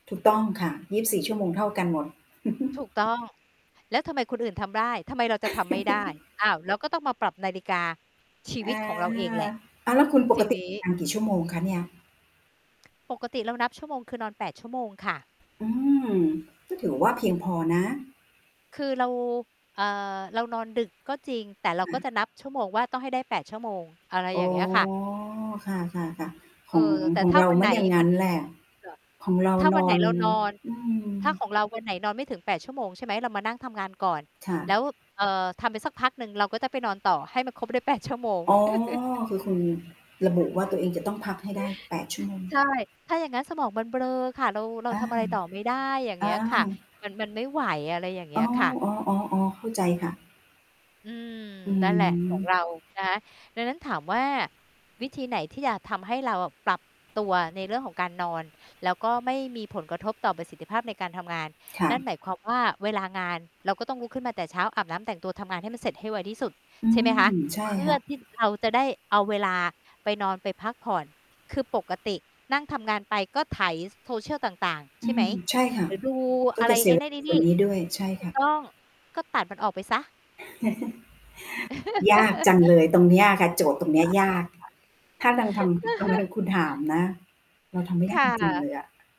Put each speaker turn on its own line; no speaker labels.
ถูกต้องค่ะ 24 ชั่วโมงเท่ากันหมด
ถูก ต้อง "แล้วทำไมคนอื่นทำได้? ทำไมเราจะทำไม่ได้?" อ้าว เราก็ต้องมาปรับนาฬิกาชี
อ
วิต
า
ของเราเองแหละ
อ้าว แล้วคุณป
ท
ก
ี
ติ
นี้
ทำ กี่ชั่วโมงคะเนี่ย?
ปกติเรานับชั่วโมง คือนอน 8 ชั่วโมงค่ะ
อืม ก็ถือว่าเพียงพอนะ
คือ เรา เอ่อ เรานอนดึกก็จริง แต่เราก็จะนับชั่วโมงว่าต้องให้ได้ 8 ชั่วโมง อะไร
อ
อย
๋
่
อ
างเงี้ยค่ะ
ค่ะ ๆ ๆ
เ
ข
อ่อ
อง
แต่
ขอ
ถ
ง
้า
เรา
วัน
ไม
ไหน
่อย่างง
มั
ั้
น
นแหละ
เอ่อ
ของเรา
ถ้า
น
วันไ
อ
หน
น
เรานอน
อืม
ถ้าของเราวันไหนนอนไม่ถึง 8 ชั่วโมง ใช่ไหม เรามานั่งทำงานก่อน
ค่
แล
ะ
้ว เอ่อ ทำไปสักพักหนึ่ง เราก็จะไปนอนต่อให้มันครบได้ 8 ชั่วโมง
อ๋อ คือคุณระบุว่าตัวเองจะต้องพักให้ได้ 8 ชั่วโมง
ใช่ ถ้าอย่างงั้นสมองมันเบลอค่ะ เรา เรา
อา
ทำอะไรต่อไม่ได้ อย่างเ
อ
งี้ยค่ะ
า
มัน มันไม่ไหว อะไรอย่างเง
อ
ี้
๋อ
ยค่ะ
อ๋อ ๆ ๆ เข้าใจค่ะ
อืม
อื
นั่นแหละ ของ
ม
เรา นะคะ ดังนั้นถามว่า "วิธีไหนที่อยากทำให้เราอะปรับตัวในเรื่องของการนอน แล้วก็ไม่มีผลกระทบต่อประสิทธิภาพในการทำงาน?"
ค่
นั่น
ะ
หมายความว่า เวลางานเราก็ต้องลุกขึ้นมาแต่เช้า อาบน้ำ แต่งตัว ทำงานให้มันเสร็จให้ไวที่สุด
อื
ใช่ไหมคะ
ม ใช่
เพื่
ค
อ
่ะ
ที่เราจะได้เอาเวลาไปนอน ไปพักผ่อน คือปกตินั่งทำงานไป ก็ไถ ซ social ต่าง ๆ ใ
อ
ช
ื
่ไหม
ม ใช่ค่
ห
ะ
รือดู
ก
อ
็
ะไ
จ
ร
ะเส
ไ
ี
อ้
ย
นั่นไอ้
ส
นี
่
่
วนนี้ด้วย ใช่
ถู
ค
ก
่ะ
ต้อง ก็ตัดมันออกไปเสีย
ยากจังเลยตรงเนี้ยค่ะ โจทย์ตรงเนี้ยยาก ถ้ายังทำ บังเอิญคุณถามนะ เราทำไม่
ค
ได้
่
จริง ๆ เ
ะ
ลยอะ